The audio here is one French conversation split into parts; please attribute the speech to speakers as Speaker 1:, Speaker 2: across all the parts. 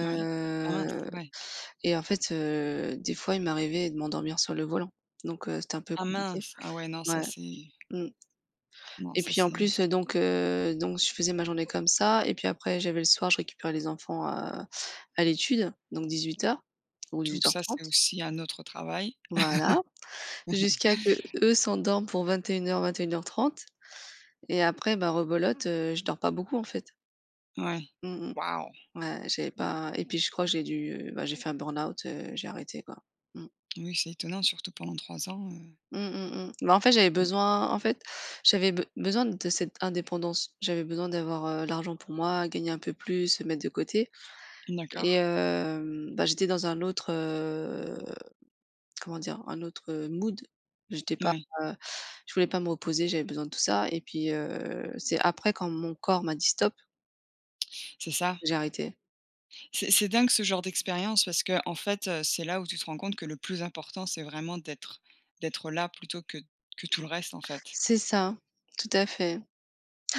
Speaker 1: Oui. Ah mince! Ouais.
Speaker 2: et en fait heu, des fois, il m'arrivait de m'endormir sur le volant. Donc heu, c'était un peu
Speaker 1: Ah
Speaker 2: compliqué.
Speaker 1: mince! Ah ouais non ça
Speaker 2: Ouais.
Speaker 1: c'est
Speaker 2: Mmh.
Speaker 1: Non,
Speaker 2: Et
Speaker 1: ça
Speaker 2: puis en
Speaker 1: c'est
Speaker 2: plus, heu, donc heu, donc je faisais ma journée comme ça et puis après j'avais le soir, je récupérais les enfants à à l'étude, donc 18:00 ou
Speaker 1: Donc
Speaker 2: dix-huit heures
Speaker 1: ça c'est
Speaker 2: trente.
Speaker 1: aussi un autre travail.
Speaker 2: Voilà. Jusqu'à qu'eux s'endorment pour 21:00-21:30 et après bah rebelote, heu, je dors pas beaucoup, en fait.
Speaker 1: Ouais.
Speaker 2: Mmh mh.
Speaker 1: Waouh!
Speaker 2: Ouais j'avais pas et puis je crois que j'ai dû bah j'ai fait un burnout, heu, j'ai arrêté, quoi. Mmh.
Speaker 1: Oui c'est étonnant, surtout pendant 3 ans, heu
Speaker 2: Mmh mh, mmh. Mais en fait j'avais besoin en fait j'avais be besoin de cette indépendance. J'avais besoin d'avoir, heu, l'argent pour moi, gagner un peu plus, mettre de côté et
Speaker 1: D'accord.
Speaker 2: hem, bah j'étais dans un autre, heu, comment dire? Un autre mood. J'étais pas
Speaker 1: Ouais.
Speaker 2: je voulais pas me reposer, j'avais besoin de tout ça et puis heu, c'est après quand mon corps m'a dit: «Stop
Speaker 1: C'est ça.
Speaker 2: j'ai arrêté».
Speaker 1: C'est c'est dingue, ce genre d'expérience parce qu'en fait, heu, c'est là où tu te rends compte que le plus important, c'est vraiment d'être d'être là plutôt que que tout le reste, en fait.
Speaker 2: C'est ça, tout à fait.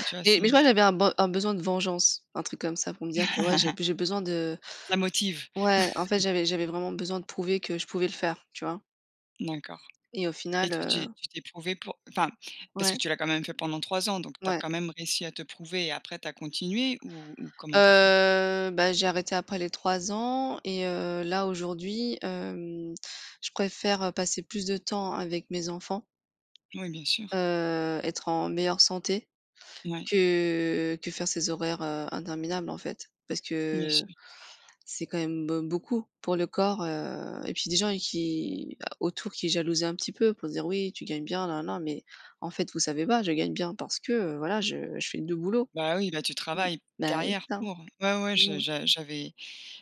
Speaker 1: Tu vois
Speaker 2: Mais
Speaker 1: c'est
Speaker 2: mais je crois que
Speaker 1: c
Speaker 2: j'avais un be un besoin de vengeance, un truc comme ça pour me dire que ouais, j'ai j'ai besoin de
Speaker 1: Ca motive?
Speaker 2: Ouais, en fait j'avais j'avais vraiment besoin de prouver que je pouvais le faire, tu vois?
Speaker 1: D'accord.
Speaker 2: Et au
Speaker 1: Et
Speaker 2: final,
Speaker 1: tu tu
Speaker 2: heu
Speaker 1: tu t'es prouvé pour enfin, parce
Speaker 2: Ouais.
Speaker 1: que tu l'as quand même fait pendant 3 ans, donc tu as
Speaker 2: Ouais.
Speaker 1: quand même réussi à te prouver et après tu as continué ou ou comment tu as fait?
Speaker 2: Heu, bah, j'ai arrêté après les 3 ans et heu, là aujourd'hui hem, je préfère passer plus de temps avec mes enfants,
Speaker 1: Oui bien sûr.
Speaker 2: heu, être en meilleure santé,
Speaker 1: Ouais.
Speaker 2: que que faire ces horaires, heu, interminables en fait, parce
Speaker 1: Bien
Speaker 2: que
Speaker 1: sûr.
Speaker 2: c'est quand même b beaucoup pour le corps, heu et puis des gens qui autour qui jalousaient un petit peu pour dire: «Oui, tu gagnes bien nanana». Mais en fait vous savez pas, je gagne bien parce que, heu, voilà je je fais 2 boulots.
Speaker 1: Bah oui, bah tu
Speaker 2: Mmh.
Speaker 1: travailles
Speaker 2: Bah c'est
Speaker 1: derrière
Speaker 2: ça.
Speaker 1: pour ouais ouais, je
Speaker 2: Mmh.
Speaker 1: j'a j'avais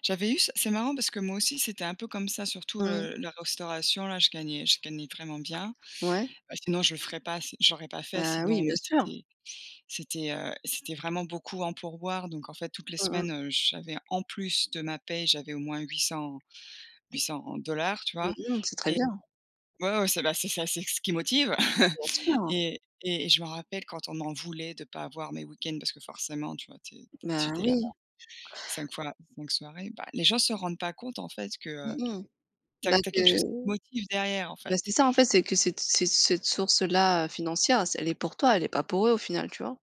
Speaker 1: j'avais eu ça c'est marrant parce que moi aussi c'était un peu comme ça, surtout,
Speaker 2: Mmh.
Speaker 1: heu, la restauration là, je gagnais je gagnais vraiment bien.
Speaker 2: Ouais.
Speaker 1: Heu, sinon je le ferais pas si j'aurais pas fait,
Speaker 2: Bah oui,
Speaker 1: sinon, mais
Speaker 2: bien sûr!
Speaker 1: c'était c'était heu et c'était vraiment beaucoup en pourboire donc en fait toutes les
Speaker 2: Mmh mh.
Speaker 1: semaines, heu, j'avais en plus de ma paie, j'avais au moins $ 800-800 tu
Speaker 2: Ben
Speaker 1: vois?
Speaker 2: dis donc, c'est très
Speaker 1: Et
Speaker 2: bien!
Speaker 1: ouais, ouais c'est bah c'est ça, c'est ce qui motive
Speaker 2: Bien sûr.
Speaker 1: et et je me rappelle quand on m'en voulait de pas avoir mes week-ends parce que forcément, tu vois, tu es tu
Speaker 2: Bah
Speaker 1: étais là-bas
Speaker 2: oui.
Speaker 1: 5 fois la [unintelligible] soirée. Bah les gens se rendent pas compte en fait que,
Speaker 2: Mmh
Speaker 1: heu,
Speaker 2: mh.
Speaker 1: tu
Speaker 2: Bah
Speaker 1: as tu as
Speaker 2: que
Speaker 1: quelque chose qui te motive derrière, en
Speaker 2: bah
Speaker 1: fait.
Speaker 2: c'est ça en fait, c'est que cette cette cette source-là, heu, financière, elle est pour toi, elle est pas pour eux, au final, tu vois?